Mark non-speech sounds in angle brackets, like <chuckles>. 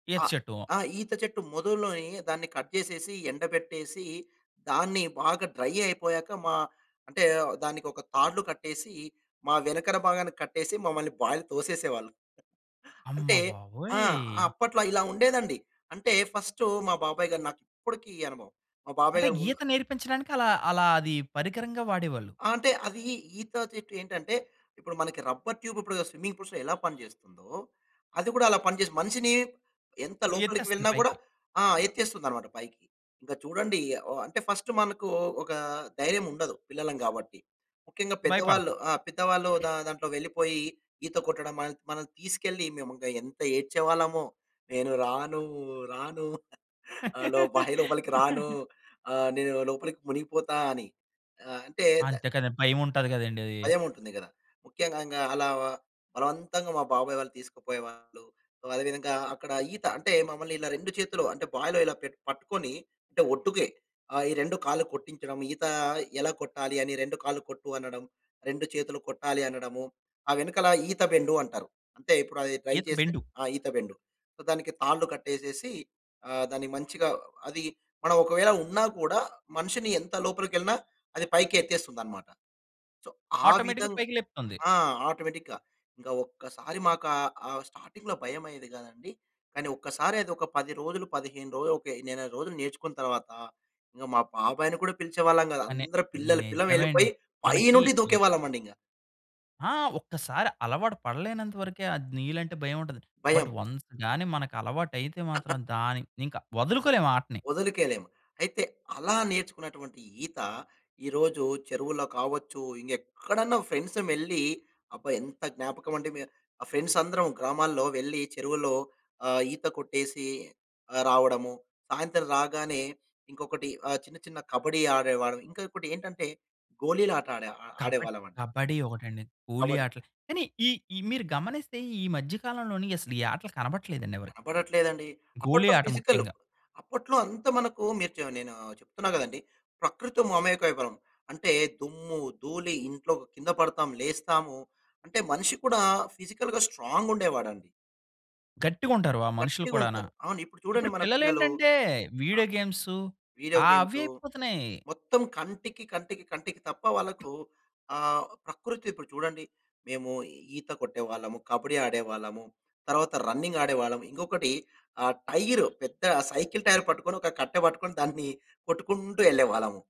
ఈత ఆహ్, చెట్టువా? ఆ! ఈత చెట్టు మొదుల్లోని దాన్ని కట్ చేసేసి, ఎండబెట్టేసి, దాన్ని బాగా డ్రై అయిపోయాక మా అంటే, దానికొక తాళ్లు కట్టేసీ, మా వెనకన భాగానికి కట్టేసి, మమ్మలని బాయిలో తోసేసేవాళ్ళు. అమ్మ అంటే ఆ! బాబోయ్! అప్పట్లో ఇలా ఉండేదండి. అంటే, ఫస్టు మా బాబాయి గారు నాకిప్పటికి అనుభవం, మా బాబాయి అంటే, గారు ముందు ఈత నేర్పించడానికలా అలా అదీ పరికరంగా వాడేవాళ్ళు. అంటే, అదీ ఈత చెట్టు ఏంటంటే, ఇప్పుడు మనకి రబ్బర్ ట్యూబిప్పుడు స్విమ్మింగ్‌పూల్స్‌లో ఎలా పనిజేస్తుందో, అది కూడా అలా పనిజేస్ మనిషినీ ఎంత మిమ్మలిని లోపలికి ఎత్తేస్తంది వెళ్ళినా గూడా పైకి. ఆ! ఎత్తేస్తుందనమాట పైకి. ఇంక చూడండీ ఓ అంటే, ఫస్టు మనకూ ఒకా ధైర్యముండదు పిల్లలం గాబట్టి. ముఖ్యంగా పెద్దవాళ్ళు భయపడతాం. ఆ! పెద్దవాళ్ళు <clears throat> దా దాంట్లో వెళ్లిపోయి ఈత కొట్టడం, మనత్ మనం తీసుకెళ్లి, మేమొగ ఎంత ఏడ్చేవాళ్ళమో. "నేను రానూ రానూ <giggles> ఆహ్, లో బాయి లోపలికి రాను. <laughs> ఆహ్, నేను లోపలికి మునిగిపోతా" అని. ఆహ్, అంటే ద అంతే కదా! భయవుంటది కదండి అదీ. భయముంటుంది గదా! ముఖ్యంగా ఇంగా అలా బలవంతంగా మా బాబాయి వాళ్ళు తీసుకపోయేవాళ్ళు. ఒ అదే విధంగా అక్కడ ఈత అంటే, మమ్మల్నిలా 2 చేతులు అంటే, బాయిలో ఇలా పెట్ పట్టుకొనీ, అంటే ఒడ్డుకే. ఆహ్, ఈ 2 కాళ్ళు కొట్టించడం. ఈతా ఎలా కొట్టాలి అని 2 కాళ్ళు కొట్టు అనడం. 2 చేతులు కొట్టాలి అనడము. ఆ వెనకాల ఈత బెండు అంటారు. అంటే, ఇప్పుడది ట్రై ఈత చేశాక బెండు. ఆ! ఈత బెండు. సో, దానికి తాళ్ళు కట్టేసేసి ఆహ్, దాన్ని మంచిగా అది మనవొకవేళ ఉన్నా కూడా, మనిషిని ఎంత లోపలికెళ్ళినా అది పైకి ఎత్తేస్తుందనమాట. సో, ఆ ఆటోమేటిక్‌గా విధంగా పైకి లేపుతుంది. ఆ! ఆటోమేటిక్‌గా. ఇంకా ఒక్కసారి మాకు ఆహ్, ఆహ్, స్టార్టింగ్‌లో భయమయ్యేది గాదండి, కానీ ఒక్కసారది ఒక 10 రోజులు, 15 రోజులు, ఒక నెల రోజులు నేర్చుకున్న తర్వాతా, ఇంగ మా బాబాయిని కూడా పిలిచేవాళ్ళం గాదు. కానీ, అందరు పిల్లలు పిల్లలు నిజమే వెళ్ళి, అండి. పొయ్యి పై మనకి నుండి ఎ దూకేవాళ్ళమండింగ. ఆ! ఒక్కసారి అలవాటు పడలేనంత వరకే అద్ నీళ్ళంటే భయవుంటది, బట్ భయం. వన్స్ గానీ మనకలవాటైతే మాత్రం <chuckles> దాన్ని ఇంక వదులుకోలేము ఆ ఆటని. ఒదలుకోలేము. అయితే, అలా నేర్చుకున్నటువంటి ఈత, ఈరోజు చెరువులో కావచ్చు, ఇంగెక్కడన్నా ఫ్రెండ్సుమెళ్ళీ అబ్బా! ఎంత జ్ఞాపకవండి, మే ఆహ్, ఫ్రెండ్సందరం గ్రామాల్లో వెళ్లి చెరువుల్లో ఆహ్, ఈత కొట్టేసీ ఆహ్, రావడము. సాయంత్రం రాగానే ఇంకొకటి ఆహ్, చిన్న చిన్న కబడీ ఆడేవాళ్ళమి. ఇంకా ఇంకోటేంటంటే, గోలీలాట ఆడే కబడ్ ఆడేవాళ్ళవండి. కబడి ఒకటండి. గోలీ కబడీ. ఆటలు కానీ ఈ, ఈ మీరు గమనిస్తే, ఈ మధ్య కాలంలోని అసలీ ఆటలు కనబడట్లేదండి ఎవరికీ. కనబడట్లేదండి. గోలీ అప్పట్లో ఆట ఫిజికలు. ముఖ్యంగా. అప్పట్లో అంత మనకూ మీరు చ నేనూ చెప్తున్నా గదండి, ప్రకృతితో మమేకమైపోయేవాళ్ళం. అంటే దుమ్ము, ధూళి, ఇంట్లో కింద పడతాం లేస్తాము. అంటే, మనిషి కూడా ఫిజికల్‌గా స్ట్రాంగుండేవాడండి. గట్టిగుంటారు వా మనుషులు కూడాన. గట్టిగుంటారు. అవును. ఇప్పుడు చూడండి ఇప్పుడు మన పిల్లలూ పిల్లలేంటంటే, ఆహ్, వీడియో గేమ్సు వీడియో ఆ! అవే గేమ్స్ అయిపోతున్నాయి. మొత్తం కంటికి, కంటికి, కంటికి తప్ప వాళ్ళకూ ఆహ్, ప్రకృతిప్పుడు చూడండి, మేమూ ఈత కొట్టేవాళ్ళము, కబడీ ఆడేవాళ్ళము, తరువాత రన్నింగాడేవాళ్ళము. ఇంకొకటి ఆహ్, టైరు పెద్దా సైకిల్ టైర్ పట్టుకొని, ఒక కట్టె పట్టుకొని, దాన్నీ కొట్టుకుంటూ యెళ్ళేవాళ్ళము.